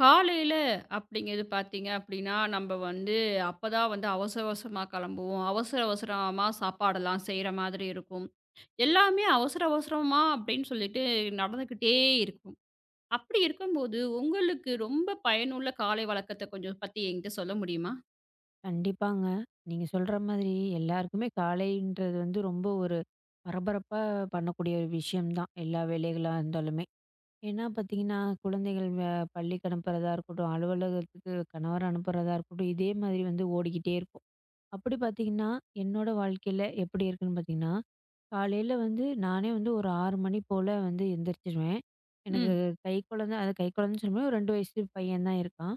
காலையில அப்படிங்குறது பாத்தீங்க. அப்படின்னா நம்ம வந்து அப்பதான் வந்து அவசர அவசரமா கிளம்புவோம். அவசர அவசரமா சாப்பாடெல்லாம் செய்ற மாதிரி இருக்கும். எல்லாமே அவசர அவசரமா அப்படின்னு சொல்லிட்டு நடந்துகிட்டே இருக்கும். அப்படி இருக்கும்போது உங்களுக்கு ரொம்ப பயனுள்ள காலை வழக்கத்த கொஞ்சம் பத்தி என்கிட்ட சொல்ல முடியுமா? கண்டிப்பாங்க. நீங்கச் சொல்ற மாதிரி எல்லாருக்குமே காலைன்றது வந்து ரொம்ப ஒரு பரபரப்பா பண்ணக்கூடிய ஒரு விஷயம்தான். எல்லா வேலைகளா இருந்தாலுமே. ஏன்னா பார்த்தீங்கன்னா குழந்தைகள் பள்ளிக்கா அனுப்புறதா இருக்கட்டும் அலுவலகத்துக்குக் கணவர் அனுப்புறதா இருக்கட்டும், இதே மாதிரி வந்து ஓடிக்கிட்டே இருப்போம். அப்படி பார்த்தீங்கன்னா என்னோட வாழ்க்கையில எப்படி இருக்கும்னு பார்த்தீங்கன்னா, காலையில வந்து நானே வந்து ஒரு 6 மணி போல வந்து எந்திரிச்சிடுவேன். ம். எனக்குக் கைக்குழந்தை, அத கைக்குழந்தைன்னு சொல்ல முடியாது, ஒரு 2 வயசு பையன் தான் இருக்கான்.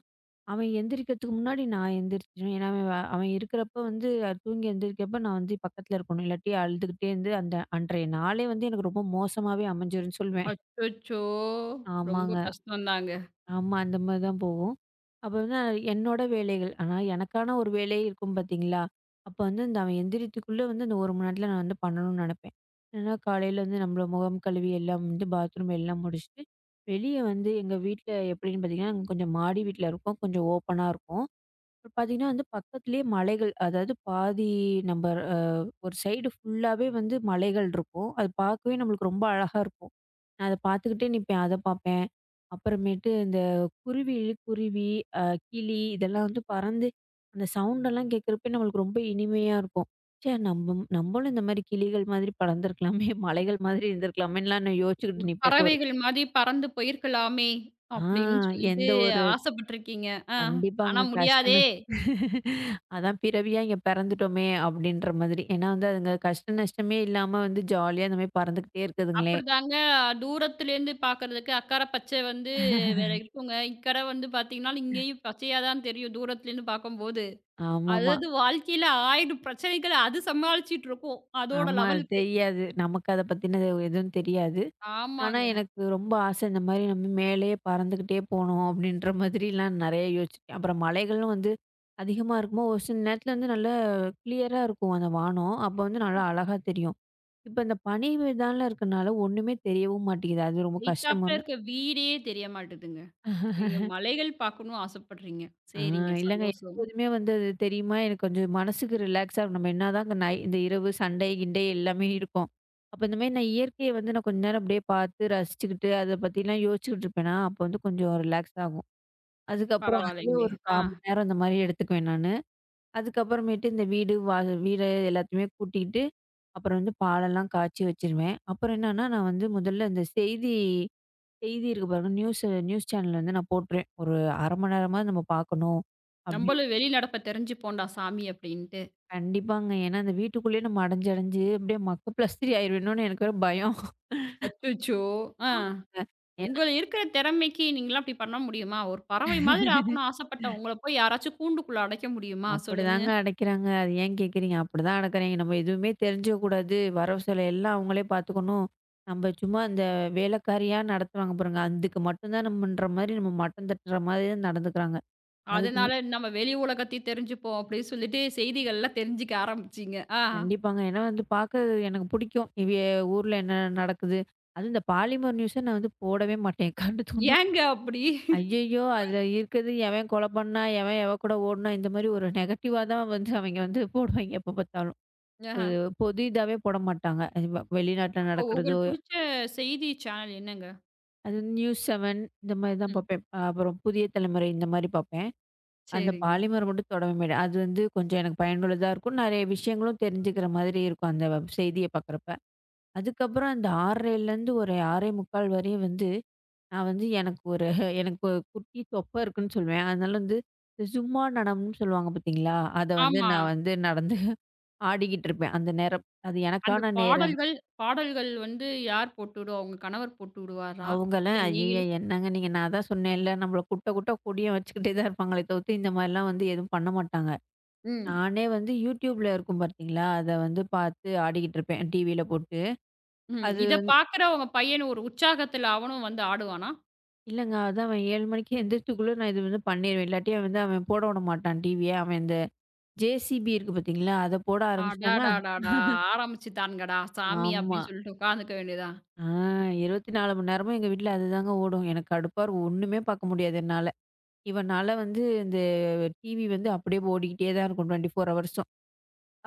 அவன் எந்திரிக்குதுக்கு முன்னாடி நான் எந்திரிச்சிடும். ஏன்னா அவன் இருக்கிறப்ப வந்து தூங்கி எந்திரிக்கும் அப்ப நான் வந்து பக்கத்துல இருக்கணும். இல்லாட்டி அழுதுகிட்டே இருந்து அந்த அன்றைய நாளே வந்து எனக்கு ரொம்ப மோசமாவே அமைஞ்சிரும்னு சொல்லுவேன். அச்சச்சோ! ரொம்ப ஆமாங்க. கஷ்டம் தாங்க. ஆமா அந்த மாதிரிதான் போகும். அப்ப என்னனா, என்னோட வேலைகள். ஆனா எனக்கான ஒரு வேலை இருக்கும் பார்த்தீங்களா, அப்ப வந்து அவன் எந்திரிக்குதுக்குள்ள வந்து அந்த 1 மணி நேரத்துல நான் வந்து பண்ணணும்னு நினைப்பேன். ஏன்னா காலையில வந்து நம்ம முகம் கழுவி எல்லாம் வந்து பாத்ரூம் எல்லாம் முடிச்சுட்டு வெளிய வந்து எங்க வீட்ல எப்படின்னு பார்த்தீங்கன்னா கொஞ்சம் மாடி வீட்டில இருக்கோம். கொஞ்சம் ஓபனா இருக்கும். பார்த்தீங்கன்னா வந்து பக்கத்துலயே மலைகள். அதாவது பாதி நம்ம ஒரு சைடு ஃபுல்லாவே வந்து மலைகள் இருக்கும். அது பார்க்கவே நம்மளுக்கு ரொம்ப அழகா இருக்கும். நான் அதப் பார்த்துக்கிட்டே நிப்பேன். அதைப் பார்ப்பேன். அப்புறமேட்டு இந்தக் குருவி, குருவி, அ கிளி இதெல்லாம் வந்து பறந்து அந்த சவுண்ட் எல்லாம் கேட்கிறப்ப நம்மளுக்கு ரொம்ப இனிமையா இருக்கும். ச்சே! நம் நம்மளும் இந்த மாதிரி கிளிகள் மாதிரி பறந்து இருக்கலாமே, மலைகள் மாதிரி இருந்திருக்கலாமேன்னு எல்லாம் யோசிச்சுக்கிட்டு ஒரு நிப்பேன். ஒரு பறவைகள் மாதிரி பறந்து போயிருக்கலாமே ஆ அப்படின்னு சொல்லிட்டு எந்த ஒரு ஆசைப்பட்டு இருக்கீங்க. அ கண்டிப்பாங்க ஆனா கஷ்டம். முடியாதே! அதான் பிறவியா இங்க பிறந்துட்டுமே அப்படின்ற மாதிரி. ஏன்னா அதுங்க கஷ்ட நஷ்டமே இல்லாம வந்து ஜாலியா இந்த மாதிரி பறந்துகிட்டே இருக்குதுங்களே. அப்படிதாங்க தூரத்துல இருந்து பாக்குறதுக்கு அக்கறை பச்சை வந்து இருக்குங்க. இக்கற வந்து பாத்தீங்கன்னா இங்கயும் பச்சையா தான் தெரியும். தூரத்துல இருந்து பாக்கும்போது ஆமாமா. அதாவது வாழ்க்கையில 1,000 பிரச்சனைகள் அது சமாளிச்சிட்டு இருக்கோம். அதோட ஆமா அது லெவல்க்கு. தெரியாது. நமக்கு அதப் பத்தின எதுவும் தெரியாது. ஆனா ஆமாங்க. எனக்கு ரொம்ப ஆசை இந்த மாதிரி நம்ம மேலே பறந்துகிட்டே போகணும் அப்படின்ற மாதிரி எல்லாம் நெறைய யோசிச்சேன். அப்புறம் மலைகளும் வந்து அதிகமா இருக்கும்போது ஒரு சில நேரத்துல வந்து நல்ல கிளியர்ரா இருக்கும் அந்த வானம். அப்ப வந்து நல்லா அழகா தெரியும். இப்ப அந்தப் பனி விதான் எல்லாம் இருக்கனால ஒண்ணுமே தெரியவும் மாட்டேங்குது. அது ரொம்ப கஷ்டம் ஏய்த்தாப்புல இருக்கு. வீடே தெரிய மாட்டேங்குது. நீங்க மலைகள் பாக்கணும்னு ஆசைப்படுறீங்க. அ சரிங்க இல்லங்க சந்தோஷம். எப்போதுமே வந்து தெரியுமா? எனக்குக் கொஞ்சம் மனசுக்கு ரிலாக்ஸ்ஸா நம்ம என்னாதான் இந்த இரவு சண்டை கிண்டே எல்லாமே இருக்கும். அப்ப இந்த மாதிரி நான் இயற்கைய வந்து நான் கொஞ்ச நேரம் அப்படியே பார்த்து ரசிச்சுக்கிட்டு அதைப் பத்தி எல்லாம் யோசிச்சுக்கிட்டு இருப்பேன்னா அப்ப வந்து கொஞ்சம் ரிலாக்ஸ் ஆகும். அதுக்கப்புறம் அதுவே பரவால்லைங்க. ஒரு ஆ. காமன் நேரம் இந்த மாரி எடுத்தூக்குவேன் நானு அதுக்கப்புறமேட்டு இந்த வீடு வாக வீர எல்லதையுமே பூட்டிக்கிட்டு அப்பறம் எல்லாம் பால் எல்லாம் காச்சி வாச்சுறுவேன் அப்பறம் என்னான நான் வந்து முதல்ல செய்தி செய்தி இருக்கு பாருங்களேன் நியூஸ் ஆ நியூஸ் சேனல் இருந்து நான் போடுறான் ஒரு மண்நேரமாது பாக்கணும் அப்புடினு நம்மளும் வெளிநடைப்ப தெரிஞ்சு போண்டா சாமி அப்படின்னுட்டு. கண்டிபாங்க. ஏன்னா அச்சச்சோ! ஆ உங்களுக்கு இருக்குற திறமைக்கு நீங்க அப்படி பண்ண முடியுமா, ஒரு பறவை மாதிரி ஆகணும்னு ஆசைப்பட்ட உங்கள்ல போய்ப் யாராச்சும் கூண்டுக்குள்ள அடைக்க முடியுமா சொல்லுங்க? அதனால நாம வெளி உலகத்தை தெரிஞ்சுப்போம் அப்படின்னு சொல்லிட்டு செய்திகள் எல்லாம் தெரிஞ்சுக்க ஆரம்பிச்சிங்க. ஆ. அந்த பாக்க எனக்கு பிடிக்கும் இதே ஊர்ல என்ன நடக்குது அது இந்த பாலிமர் நியூஸ் ஆ நாங்க போடவே மாட்டேன் கரண்டு துண்டம் ஏங்க அப்படி? அய்யய்யோ அதுல இருக்கறுது. எவன் கொலை பண்ண எவன் எவ கூட ஒடுநா இந்த மாரி ஒரு நெகட்டிவ் த வந்து அவிய்ங்க வந்து போடுவாங்க எப்பார்த்தாலும் அது பொது இதவே போடமாட்டங்க இவ வெளிநாட்டுல உங்க நாடக்குறதோ. புடிச்ச செய்தி சேனல் என்னங்க? அதுவந்து நியூஸ் இந்த மாரித ம். பாப்பேன் அப்புறம் புதிய தலைமுறை இந்தமாரி பாப்பேன். அந்த சரிங்க. பாலிமர் மட்டும் தொடவே அது வந்து கொஞ்சம் எனக்கு பயனுள்ளதா இருக்கும் நெறைய விஷியங்களும் தெரிஞ்சுக்குற மாரி இருக்கும் அந்த வப் செய்தி பாக்கரப்ப அதுக்குப்பறம் ஒரு 6 1/2 வரையும் வந்து நான் வந்து எனக்கு ஒரு குட்டி தொப்ப இருக்குனு சொல்லுவேன் அதுலருந்து சும்மா டடம் சொல்லுவாங்க பாத்தீங்களா அத வந்து ஆமா. நான் வந்து நான் வந்து ஆடிக்கிட்டு இருப்பேன் அந்த நேரம் அது அந்தப் என்னக்கன நேரம். பாடல்கள் பாடல்கள் வந்து யார் போட்டுடுவாங்க? கணவர் போட்டுவாரா? அவுங்களா இல்ல அய்யய்யோ நீங்களே என்னக நீங்க நான் த சொன்னேல நம்மள குட்ட குட்ட குனிய வச்சிட்டுதா இருபாங்க தவித்து இந்த மாரி வந்து ஏதுவும் பண்ண மாட்டாங்க ம். நானே வந்து youtube இருக்கும் பாத்தீங்களா அத வந்து பாத்து ஆடிக்கிட்டு இருப்பேன் என் டி. வி போட்டு ம். அது இத வந்து. பாக்குற உங்க பையன் ஒரு உற்சாகத்துல அவனும் வந்து ஆடுவானா? இல்லங்க. அதாங்க அவ 7 மணிக்கு குளி இத வந்து பண்ணிடுவேன். இல்லாட்டி அவ வந்து போட விடமாட்டான் டிவிய. அந்த ஜெசிபி இருக்கு பாத்தீங்களா? அத போட ஆரம்பிச்சிட்டானா அடடடடா. ஆரம்பிச்சிட்டாருங்கடா சாமி ஆமா. அப்படின்னு சொல்லிட்டு உக்காந்துக்க வேண்டியதா? ஆ. 24 மணி நேரமும் எங்க வீட்ல அதுதாங்க ஓடும். எனக்கு கடுப்பா இருக்கும். ஓண்ணுமே பார்க்க முடியாது என்னால. இவனால வந்து இந்த டிவி வந்து அப்டியே ஓடிகிட்டே தான் இருக்கும். 24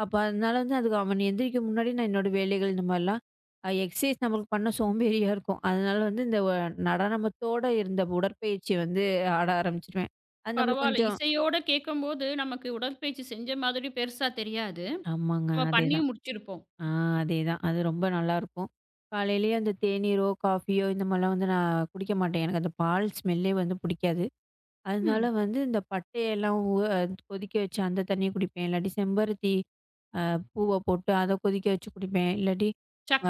அப்ப அதனால வந்து அவன் எந்திரிக்க முன்னாடி நான் என்னோட வேலைகள் இந்தமாரிலாம் ஆ எக்ஸர்சைஸ் நம்மளுக்கு பண்ண சோம்பேறியா இருக்கும். அதனால வந்து இந்த நடனத்தோட இருந்த உடற்பயிற்சி வந்து ஆட ஆரம்பிச்சிடுவேன். அது நம்மளுக்கு பரவால. கொஞ்சம் இசையோடு கேட்கும்போது நமக்கு உடற்பயிற்சி செஞ்ச மாதிரி பெருசா தெரியாது. ஆமாங்க. நாம அதே பண்ணி தான். முடிச்சிருப்போம். ஆ அதேதான். அது ரொம்ப நல்லா இருக்கும். காலையிலே அந்த தேனீரோ, காஃபியோ இந்த மாரிலா வந்து நா குடிக்க மாட்டேன். எனக்கு அந்த பால் ஸ்மெல்லே வந்து புடிக்காது. அதுனால ம். வந்து இந்த பட்டை, லவங்கு கொதிக்க வச்சு, அந்த தண்ணிய குடிப்பேன். இல்லாட்டி செம்பருத்தி அ பூவ போட்டு அத கொதிக்க வச்சு குடிப்பேன். இலலாட்டி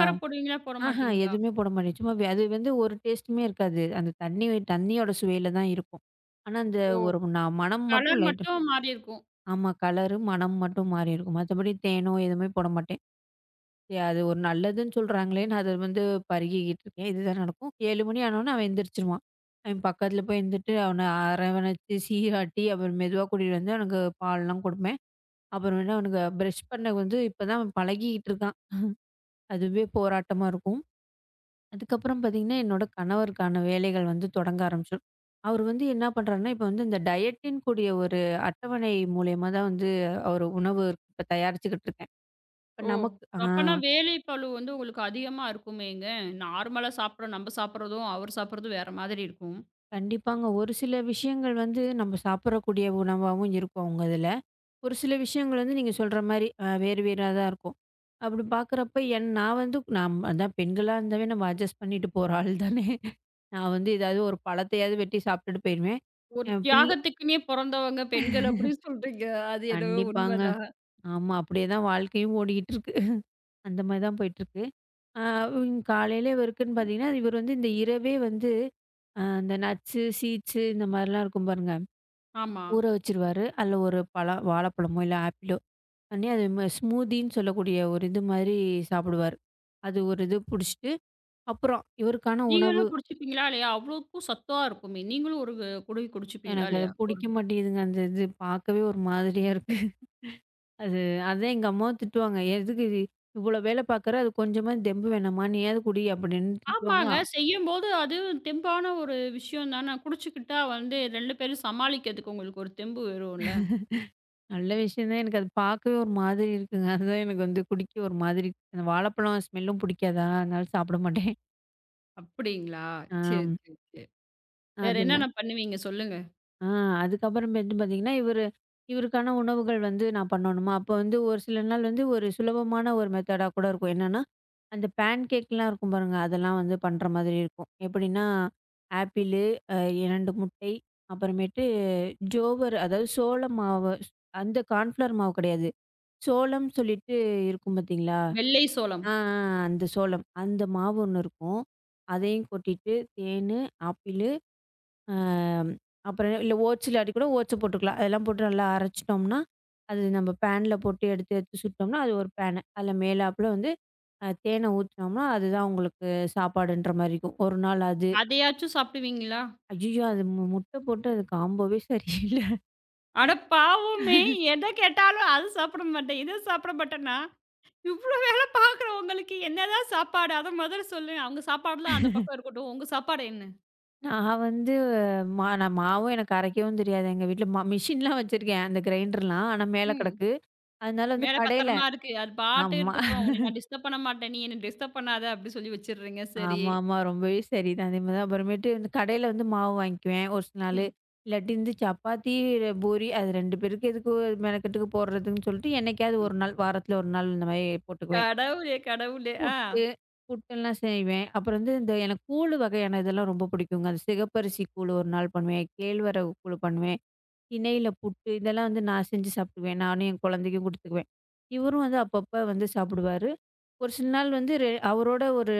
ஆ. போடுவீங்களா? போட அஹ மாட்டிங்களா? எதுவுமே போட மாட்டேன். சும்மா அது வந்து ஒரு டெஸ்ட்டுமே இருக்காது. அந்த தண்ணி வே தண்ணியோட சுவையில தான் இருக்கும். ஆனா அந்த ஓ. ஒரு நா மனம் மட்டும் கலர் லைட்டா இரு மட்டும் மாறி இருக்கும். ஆமா. கலரும், மனமும் மட்டும் மாறி இருக்கும். மத்தபடி தேனோ, எதுவோ போட மாட்டேன். எ அது ஒரு நல்லதுன்னு சொல்ல்றாங்களேன்னு அது வந்து பருகிகிட்டு இருக்கேன். இதுதான் நடக்கும். 7 மணி ஆன ஒடனே அவன் எந்திரிச்சிடுவான். அவன் பக்கத்துல போய் இருந்துட்டு, அவன ஆரவணைச்சு, சீராட்டி அப்புறம் மெதுவா கூட்டிட்டு வந்து அவனுக்கு பால்லாம் குடுப்பேன். அப்புறம்மெட்டு அவனுக்கு ப்ரெஷ் பண்ண வந்து இப்ப தான் பழகிட்டி இருக்கான். அதுவே போராட்டமா இருக்கும். அதுக்கப்புறம் பாத்தீங்கன்னா என்னோட கணவருக்கான வேலைகள் வந்து தொடங்க ஆரம்பிச்சுரும். அவரு வந்து என்ன பண்றேன்னா, இப்ப வந்து இந்த டயட்ன்னு கூடிய ஒரு அட்டவணை மூலியுமா தான் வந்து ஒரு உணவு தயாரிச்சுக்கிட்டு இருக்கேன். இப்ப ஓ. நமக்கு ஆ. அப்பனா வேலி பளு வந்து உங்களுக்கு அதிகமா இருக்குமேங்க. நார்மல்லா சாப்பிடுற நம்ம சாப்பிடறதும், அவரு சாப்பிடறதும் வேற மாதிரி இருக்கும். கண்டிப்பாங்க. ஒரு சில விஷயங்கள் வந்து நம்ம சாப்பிடுற கூடிய உணவாவும் இருக்கும் அவுங்க இதுல. ஒரு சில விஷயங்கள் வந்து நீங்கச் சொல்ற மாரி அ வேறு வேறா தான் இருக்கும். அப்படி பாக்குறப்போ என் நான் வந்து பெண்களா இருந்தாவே நம்ம அட்ஜெஸ்ட் பண்ணிட்டு போற ஆள் தானே. நான் வந்து ஏதாவது ஒரு பழத்தையாவது வெட்டி சாப்பிட்டுட்டு போயிடுவேன். ஒரு என் பிள்ளை தியாகத்துக்குன்னே பொறந்தவங்க பெண்கள். அப்படி சொல்றீங்க. அது என்னவோ உண்மை கண்டிப்பாங்க. தான். ஆமா. அப்படியே தான் வாழ்க்கையும் ஓடிட்டு இருக்கு. அந்த மாரி தான் போயிட்டு இருக்கு. அ. காலையில இருக்குன்னு பாத்தீங்கன்னா இவரு இந்த இரவே வந்து அந்த நட்ஸ், சீட்ஸ் இந்த மாரிலா இருக்கும் பாருங்க. ஆமா. ஊற வச்சிருவாரு. அதுல ஒரு பழ வாழைப் பழம் இல்ல அப்பிளோ ஸ்மூத்தின்னு சொல்லக்கூடிய ஒரு இது மாரி சாப்பிடுவாரு. அது ஒரு இது குடிச்சிட்டு அப்புறம் இவருக்கான உணவு. நீங்களும் குடிச்சிட்டீங்களா? இல்லயா? அவ்வளவு சத்தா இருக்குமே. நீங்களும் ஒரு குடுவை குடிச்சுப்பிங்களா? எனக்கு அது இல்லையா? பிடிக்க மாட்டேங்குதுங்க. அது பார்க்கவே ஒரு மாதிரியா இருக்கு. அது அதான் எங்க அம்மாவாவும் திட்டுவாங்க. எதுக்கு இவ்ளோ வேலை பாக்குற, அது கொஞ்சம் தெம்பு வேணாமா நீயாவது குடி அப்படின்னு திட்டுவாங்க. ஆமாங்க. ஆ. செய்யும்போது அது தெம்பான ஒரு விஷயம் தானா? குடிச்சுக்கிட்டா வந்து 2 பேரும் சமாளிக்கறதுக்கு உங்களுக்கு ஒரு தெம்பு வரும் இல்ல. நல்ல விஷயம் தான். எனக்கு அத பாக்க ஒரு மாதிரி இருக்குங்க. அது தான் எனக்கு வந்து குடிக்க ஒரு மாதிரி இருக்கு. வாழைப் பழம் ஸ்மெல்லும் புடிக்காதா, அதனால சாப்பிட மாட்டேன். அப்பிடிங்களா! ஆம். சரி. சரி, சரி. வேற அது என்ன? என்னென்ன பண்ணுவீங்க? சொல்லுங்க. ஆ அதுக்கு அப்புறம் வந்து பாத்தீங்கன்னா இவரு இவருக்கான உணவுகள் வந்து நான் பண்ணனுமா! அப்போ வந்து ஒரு சில நாள் வந்து ஒரு சுலபமான ஒரு மெத்தேடா கூட இருக்கும். என்னன்னா அந்த பேன்கேக்லாம் இருக்கும் பாருங்க. அதெல்லாம் வந்து பண்ற மாதிரி இருக்கும். எப்பிடின்னா ஆப்பிள் அ 2 முட்டை. அப்புறம் ஜோவர் அதாவது சோளம் மாவு. அந்த கான்ஃபிளவர் மாவு கிடையாது. சோளம் சொல்லிட்டு இருக்கும் பாத்தீங்களா! வெள்ளை சோளம். ஆ, ஆ, ஆ அந்தச் சோளம் அந்த மாவு ஒண்ணு இருக்கும். அதையும் கொட்டிட்டு தேன், ஆப்பிள், ஆம், அப்புறம் இல்ல ஓட்ஸ் இல்லாட்டி கூட ஓட்ஸ போட்டுக்கலாம். அதெல்லாம் போட்டு நல்லா அரைச்சுட்டோம்ன்னா, அது நம்ம ஃபேன்ல போட்டு எடுத்து, எடுத்து சுட்டம்னா அது ஒரு ஃபேனு. அதுல மேலாப்ல வந்து அ தேன ஊத்துனம்னா, அது தான் உங்களுக்குச் சாப்பாடுன்றமாரி இருக்கும். ஒரு நாள் அது. அதையாச்சும் சாப்பிடுவீங்களா? அய்யய்யோ! அது மு முட்டை போட்டு அது காம்போவே சரியில்ல அட பாவமே! எத கேட்டாலும் இத சாப்பிட மாட்டேன்னா, அத சாப்பிட மாட்டேன். இவ்ளோ வேல பார்க்குற உங்களுக்கு என்ன தான் சாப்பாடு அத முதல்ல சொல்லுங்க. அவுங்க சாப்பாடுலாம் அந்த பக்கம் இருக்கட்டும். உங்க சாப்பாடு என்ன? நான் வந்து மா நான் மாவு எனக்கு அரைக்கவும் தெரியாது. எங்க வீட்ல மா மெஷின் எல்லாம் வச்சிருக்கேன். அந்த க்ரைண்டர்லாம் ஆனா மேல ம். கிடக்கு. அதனால வந்து மேல கடைல பத்திரமா இருக்கு. அது பாட்டு ஆம்மா. இருக்கட்டும். உன்னை நான் டிஸ்டர்ப் பண்ண மாட்டேன். நீ என்னை டிஸ்டர்ப் பண்ணாத அப்படின்னு சொல்லி வச்சிருங்க. சரி. ஆமாமா. ரொம்பவே சரிதான். அதேமாரி தான் அப்றோமேட்டு கடைல வந்து மாவு வாங்கிக்குவேன் ஒரு சில நாளு. ம். இல்லாட்டி இந்தச் சப்பாத்தி பூரி அது 2 பேருக்கு எதுக்கு மெனக்கெட்டு போடுறதுன்னு சொல்லிட்டு என்னைக்காவது ம். 1 நாள் வாரத்துல 1 நாள் இந்த மாரி போட்டுக்குவேன். கடவுளே கடவுளே. அ. புட்டு புட்டேல்லாம் செய்வேன். அப்புறம் வந்து இந்த எனக்குக் கூழு வகையான இதெல்லாம் ரொம்ப பிடிக்கும். அந்த சிகப்பரிசி கூழு ஒரு நாள் பண்ணுவேன். கேழ்வரகு கூழு பண்ணுவேன். திணைல புட்டு இதெல்லாம் வந்து நான் செஞ்சு சாப்பிடுவேன். நானும் என் குழந்தைக்குக் குடுத்துக்குவேன். இவரும் வந்து அப்பப்ப வந்து சாப்பிடுவாரு. ஒரு சில நாள் வந்து அவரோட ஒரு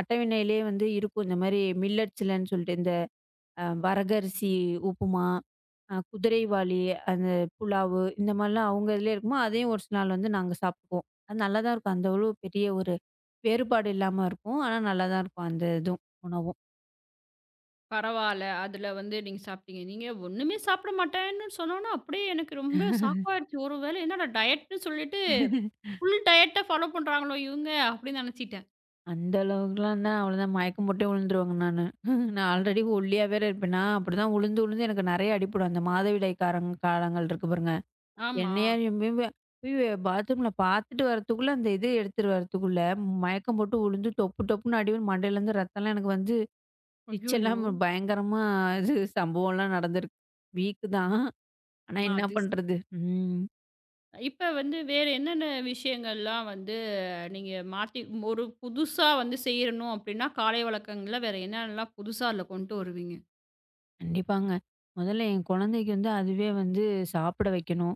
அட்டவணையிலே வந்து இருக்கும் இந்த மாரி மில்லட் சொல்லிட்டு இந்த வரக அரிசி, உப்புமா, குதிரைவாலி அந்த புலாவு இந்த எல்லாம் அவங்க அதுலயே இருக்கும். அதையும் ஒரு நாள் வந்து நாங்க சாப்பிடுவோம். நல்லா தான் இருக்கும். அந்த அளவுக்குப் பெரிய ஒரு வேறுபாடு இல்லாம இருக்கும். ஆனா நல்லா தான் இருக்கும். அந்த இதுவும் உணவும். பரவாயில்ல. அதுல வந்து நீங்க சாப்பிட்டீங்க. நீங்க ஒண்ணுமே சாப்பிட மாட்டேன்னு சொன்னவுனே அப்படியே எனக்கு ரொம்ப ஷாக் ஆயிடுச்சு. ஒருவேள என்னட டயட்ன்னு சொல்லிட்டு ஃபுல் டயட்ட ஃபாலோ பண்றாங்களோ இவங்க அப்படின்னு நினைச்சிட்டேன். அந்த அளவுக்கு எல்லாம் தான். அவ்ளோ தான் மயக்கம் போட்டு விழுந்துருவாங்க நானு. நான் ஆல்ரெடி ஒல்லியா வேற இருப்பேனா? அப்பிடி தான் விழுந்து விழுந்து எனக்கு நிறைய அடிபடும். அந்த மாதவிடாய் கார காலங்கள் இருக்கு பாருங்க. ஆமா. என்னையா [unintelligible] ஐயய்யோ! பாத்ரூம்ல பாத்துட்டு வர்றத்துக்குள்ள அந்த இது எடுத்துட்டு வர்றத்துக்குள்ள மயக்கம் போட்டு விழுந்து தொப்பு தொப்புன்னு அடி [unintelligible] மண்டையில இருந்து ரத்தம் எல்லாம் எனக்கு வந்து, இச் ஐயய்யோ! எல்லாம் பயங்கரமா இது சம்பவம்லாம் நடந்துருக்கு. வீக் தான். ஆனா என்ன [unintelligible] பண்றது? ம். இப்ப வந்து வேற என்னென்ன விஷயங்கள் எல்லாம் வந்து நீங்க மாத்தி ஒரு புதுசா வந்து செய்யணும் அப்பிடின்னா, காலை வழக்கங்கள்ல வேற என்ன என்னெல்லாம் புதுசா அதுல கொண்டு வருவீங்க? கண்டிப்பாங்க. முதல்ல என் குழந்தைக்கு அதுவே வந்து சாப்பிட வைக்கணும்.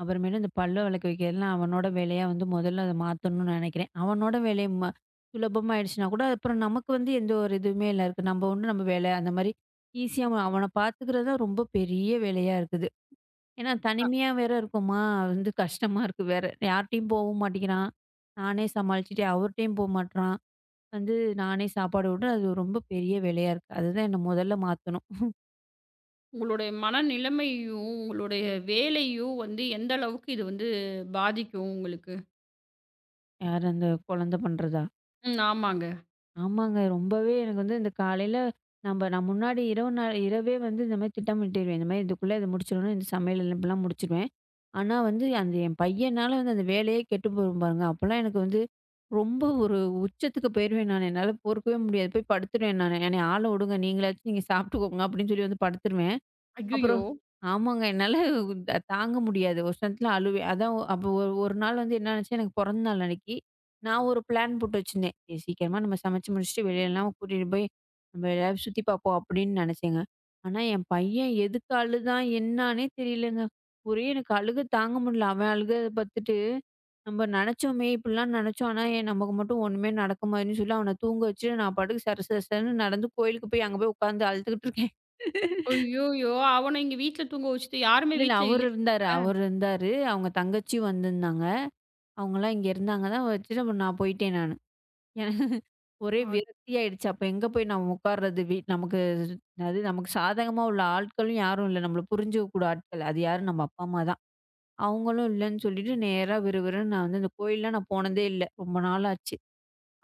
அப்புறம் இந்தப் பல் வெளக்க வைக்கிறதுலாம் அவனோட வேலையா வந்து முதல்ல அத மாத்தணுன்னு நினைக்கிறேன். அவனோட வேலைய ம சுலபமா ஆயிடுச்சுனாகூட, அப்புறம் நமக்கு வந்து எந்த ஒரு இதுவுமே இல்ல. நம்ம உண்டு நம்ம வேலை. அந்தமாரி ஈசியா அவனப் பாத்துக்குறதுதான் ரொம்ப பெரிய வேலையா இருக்குது. ஏன்னா தனிமையா வேற இருக்கோமா? வந்து கஷ்டமா இருக்கு. வேற யார்ட்டயும் போவும் மாட்டிகிறான். நானே சமாளிச்சிட்டு, அவருட்டயும் போமாட்றான். வந்து நானே சாப்பாடு ஊட்ட அது ரொம்ப பெரிய வேலையா இருக்கு. அது தான் நான் முதல்ல மாத்தணும். உங்களுடைய மனநிலைமையையும், உங்களோட வேலையையும் வந்து எந்த அளவுக்கு இது வந்து பாதிக்கும் உங்களுக்கு. யாரு அந்த குழந்தை பண்றதா? ம், ஆமாங்க. ஆமாங்க. ரொம்பவே எனக்கு வந்து இந்தக் காலையில நம்ப நம்ம முன்னாடி இரவு இரவே வந்து இந்த மாதிரி திட்டமிட்டுருவேன் இந்த மாரி இதுக்குள்ள முடிச்சுடுனும் இந்த சமையல் எல்லாம் முடிச்சிருவேன். ஆனா வந்து அந்த என் பையன்னால அந்த வேலையை கெட்டு போயிரும் பாருங்க. அப்ப எல்லாம் எனக்கு வந்து ரொம்ப ஒரு உச்சத்துக்குப் போயிருவேன் நானு என்னால பொறுக்கவே முடியாது. போய் படுத்துருவேன் நானு. என்னய ஆள விடுங்க. நீங்கச் சாப்பிட்டுக்கோங்க அப்படின்னு சொல்லி வந்து படுத்துருவேன். அய்யய்யோ! அப்புறம் ஆமாங்க. என்னால தாங்க முடியாது. ஒரு இடத்துல அழுவேன். அப்ப ஒரு ஒரு நாள் வந்து என்ன ஆச்சு? எனக்குப் பொறந்தநாள் அன்னைக்கு நான் ஒரு ப்ளேன் போட்டு வச்சிருந்தேன். சீக்கிரமா நம்ம சமைச்சு முடிச்சு வெளிலலாம் கூட்டிட்டு போய்நம்ப எதாவது சுத்தி பாப்போம் அப்படின்னு நினைச்சேங்க. ஆனா என் பையன் எதுக்கு அழுதான் என்னன்னே தெரியலைங்க. ஒரே எனக்கு அழுகை தாங்க முடியல. அவன் அழுகை பாத்துட்டு நம்ம நினைச்சமே. இப்படி எல்லாம் நினைச்சோம். ஆனா ஏன் நமக்கு மட்டும் ஒண்ணுமே நடக்குமான்னு சொல்லி அவன தூங்க வச்சு நான் படுக்கு. சர சர சரன்னு நடந்து கோயிலுக்குப் போய் அங்க போய் உக்காந்து அழுதுகிட்டு இருக்கேன். அய்யோய்யோ! அவன இங்க வீட்ல தூங்க வச்சிட்டு யாருமே இல்ல இல்ல வீட்ல அவரு இருந்தாரு இல்லயாங்க? அவரு இருந்தாரு. அவங்க தங்கச்சி வந்து இருந்தாங்க. அவங்க எல்லாம் இங்க இருந்தாங்க. வச்சுட்டு நான் போயிட்டேன். நானு. எனக்கு ஒரே அ. விரக்தி ஆயிடுச்சு. அப்போ எங்க போய் நம்ம உக்காருது நமக்கு. அது நமக்கு சாதகமா உள்ள ஆட்களும் யாரும் இல்ல. நம்மள புரிஞ்சுக்க கூட ஆட்கள். அது யாரு? நம்ம அப்பா அம்மா தான். அவங்களும் இல்லன்னு சொல்லிட்டு நேரா விறுவிறுன்னு நான் இந்தக் கோயில்ல போனதே இல்ல. ரொம்ப நாளாச்சு.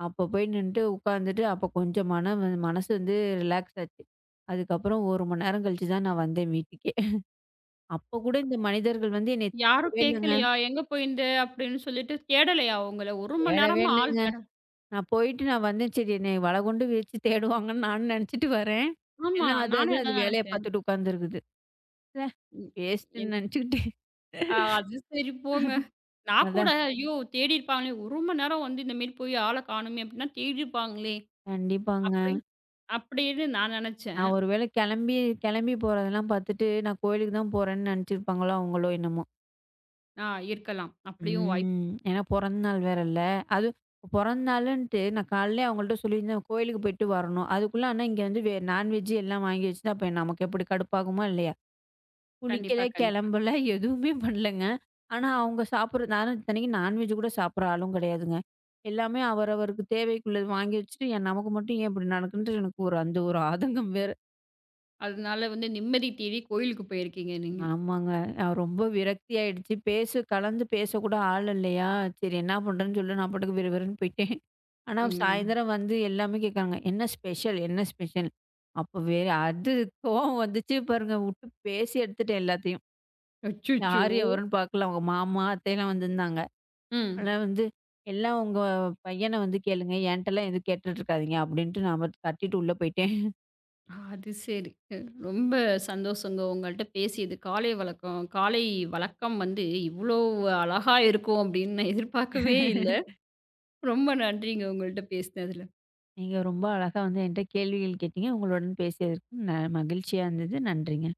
அப்போ போய் நின்னுட்டு உக்காந்துட்டு அப்பக் கொஞ்சம் மனம் வந்து மனசு வந்து ரிலேக்ஸ்டு ஆச்சு. அதுக்கப்புறம் 1 மணி நேரம் கழிச்சு தான் நான் வந்தேன் வீட்டுக்கே. அப்பக் கூட இந்த மனிதர்கள் வந்து என்னை யாரும் தேடல்லங்க. கேக்கலையா? எங்க போயிருந்த அப்படின்னு சொல்லிட்டு தேடலையா உங்களை? 1 மணி தேடவே நேரமா ஆள் இல்லங்க. தேட நான் போயிட்டு நான் வந்தேன். சரி என்னை வலை கொண்டு வீசித் தேடுவாங்கன்னு நான் நினைச்சுட்டு வரேன். ஆமா, எல்லாம் அதாது நானும் அது அதான் வேலைய நினைச்சேன். பாத்துட்டு உக்காந்துருக்குது. ச்சே ம், என் வேஸ்ட்டுன்னு நினைச்சுக்கிட்டேன். அ, அது சரி போங்க. நான் கூட அதான். ஐயோ தேடி இருப்பாங்களே 1 மணி நேரம் வந்து இந்த மேல போயி ஆளைக் காணுமே எப்படின்னா தேடி இருப்பாங்களே கண்டிப்பாங்க. அப்படின்னு அப்படின்னு நான் நினைச்சேன். நான் ஒருவேளை கிளம்பி கிளம்பி போறது எல்லாம் பாத்துட்டு நான் கோயிலுக்குத் தான் போறேன்னு நினைச்சுருப்பாங்களா? அவங்களோ என்னமோ. ஆ, இருக்கலாம். அப்படியும் வாய்ப்பு ம். ஏன்னா பொறந்த நாள் வேற இல்ல. அது பொறந்த நாளுன்ட்டு நான் காலையில அவங்க கிட்ட சொல்லியிருந்தேன், "கோயிலுக்குப் போயிட்டு வரணும்." அதுக்குள்ள ஆனா, இங்க வந்து வே நான் வெஜ் எல்லாம் வாங்கி வெச்சிட்டா, அப்ப நமக்கு எப்படி கடுப்பாகுமா இல்லையா? குளிக்கல, கண்டிப்பா, கண்டிப்பா. கிளம்பல, எதுவுமே பண்ணலங்க. ஆனா, அவங்க சாப்பிடுறது நான் இத்தனைக்கும் நான் வெஜ் கூடச் சாப்பிடுற, ஆளும் கெடையாதுங்க. எல்லாமே அவர் அவர்வருக்குத் தேவைக்கு உள்ளது. வாங்கி வெச்சுட்டு, "ஏன் நமக்கு மட்டும் ஏன் இப்படி நடக்குன்டு" எனக்கு ஒரு அந்த ஒரு ஆதங்கம் வேற. அதனால, வந்து நிம்மதி தேடி கோயிலுக்கு போயிருக்கீங்க நீங்க. ஆமாங்க. ஆ, ரொம்ப விரக்தியா ஆயிடுச்சு. பேச, கலந்து பேசக் கூட ஆள் இல்லையா? "செரி என்ன பண்றதுன்னு" சொல்ல நான் பாட்டுக்கு விறுவிறுன்னு போயிட்டேன். ஆனா, ம். சாயந்தரம் வந்து எல்லாமே கேக்கறாங்க. என்ன ஸ்பெஷல்? என்ன ஸ்பெஷல்? அப்ப வேற அது கோவம் வந்துச்சு பாருங்க. உட்டுப் பேசி எடுத்துட்டேன் எல்லாத்தையும். அச்சச்சோ! யாரு எவரென்னு பாக்கல. அவங்க மாமா, அத்தை எல்லாம் வந்திருந்தாங்க. ம். ஆனா, "வந்து எல்லாம் உங்க பையனை வந்து கேளுங்க. என்ட்டல்லாம் எதும் கேட்டுட்டு இருக்காதீங்க" அப்படின்ட்டு நான் கத்திட்டு உள்ள போயிட்டேன். அது செரி. ரொம்ப சந்தோஷம்ங்க, உங்கள்ட்ட பேசியது. காலை வழக்கம் காலை வழக்கம் வந்து இவ்வளோ அழகா இருக்கும் அப்படின்னு நான் எதிர்பாக்கவே இல்ல. ரொம்ப நன்றிங்க, உங்கள்ட்ட பேசினதுல. நீங்க ரொம்ப அழகா வந்து என்கிட்ட கேள்விகள் கேட்டீங்க. உங்களோடன் பேசியதற்க்கு நா மகிழ்ச்சியா இருந்தது. நன்றிங்க.